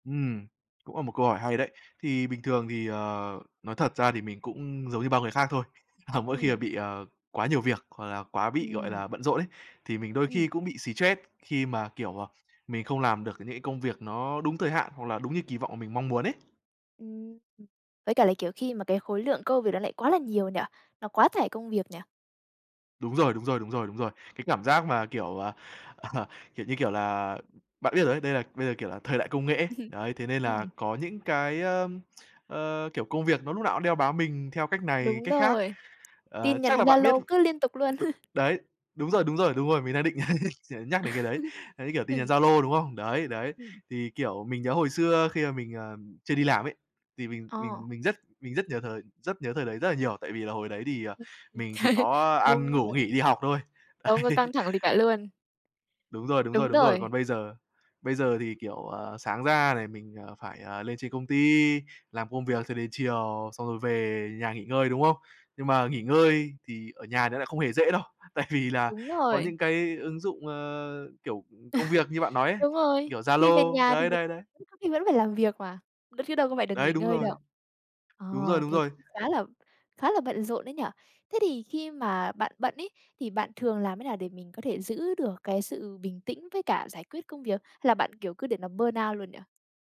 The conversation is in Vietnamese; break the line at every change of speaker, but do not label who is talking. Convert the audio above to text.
Ừm, cũng là một câu hỏi hay đấy. Thì bình thường thì, ờ, nói thật ra thì mình cũng giống như bao người khác thôi, à mỗi khi mà
Ừm.
bị, ờ, quá nhiều việc hoặc là quá bị, gọi
Ừm.
là, bận rộn ấy, thì mình đôi khi
Ừm.
cũng bị stress khi mà, kiểu, à, mình không làm được những cái công việc nó đúng thời hạn, hoặc là đúng như kỳ vọng mà mình mong muốn ấy.
Ừm, với cả là, kiểu, khi mà cái khối lượng cơ việc nó lại quá là nhiều nhỉ? Nó quá tải công việc nhỉ?
Đúng rồi, đúng rồi, đúng rồi, đúng rồi. Cái cảm giác mà, kiểu, ờ, ờ, kiểu, như kiểu là bạn biết rồi đấy, đây là bây giờ, kiểu, là thời đại công nghệ ấy, đấy, thế nên là
Ừm.
có những cái, ơ, ờ, kiểu công việc nó lúc nào cũng đeo bám mình theo cách này,
Đúng
cách khác.
rồi,
Ờ,
tin nhắn
chắc là bạn biết
Zalo cứ liên tục luôn.
đúng, đấy, đúng rồi, đúng rồi, đúng rồi, mình đang định nh nhắc đến cái đấy. Đấy, kiểu, tin nhắn
Ừm.
Zalo, đúng không? Đấy, đấy.
Ừm.
Thì, kiểu, mình nhớ hồi xưa khi mà mình, ờm, chưa đi làm ấy, thì mình
Ờ.
mình mình rất mình rất nhờ thời rất nhớ thời đấy rất là nhiều, tại vì là hồi đấy thì, ờ,
[unintelligible]
mình chỉ có
Công
ăn, ngủ,
nhận.
nghỉ, đi học thôi.
Không có
Đấy.
căng thẳng gì cả luôn.
Đúng rồi, đúng rồi,
Đúng
đúng rồi. Còn
rồi.
bây giờ bây giờ thì, kiểu, ờ, sáng ra này, mình, ờ, phải, ờ, lên trên công ty, làm công việc cho đến chiều xong rồi về nhà nghỉ ngơi, đúng không? Nhưng mà nghỉ ngơi thì ở nhà nó lại không hề dễ đâu, tại vì là
Đúng
có
rồi.
những cái ứng dụng, ờ, kiểu, ừm, công việc như bạn nói ấy,
Đúng rồi,
kiểu,
khi về
Zalo
nhà thì
đấy,
mình
đấy, đấy.
[unintelligible] có khi vẫn phải làm việc mà, đ chứ đâu có phải được
Đấy,
nghỉ
đúng
ngơi
rồi.
đâu. Ờ,
Đúng rồi, đúng
thế
rồi.
cũng khá là khá là bận rộn đấy nhỉ? Thế thì khi mà bạn bận ấy, thì bạn thường làm thế nào để mình có thể giữ được cái sự bình tĩnh với cả giải quyết công việc? Hay là bạn, kiểu, cứ để nó burn out luôn nhỉ?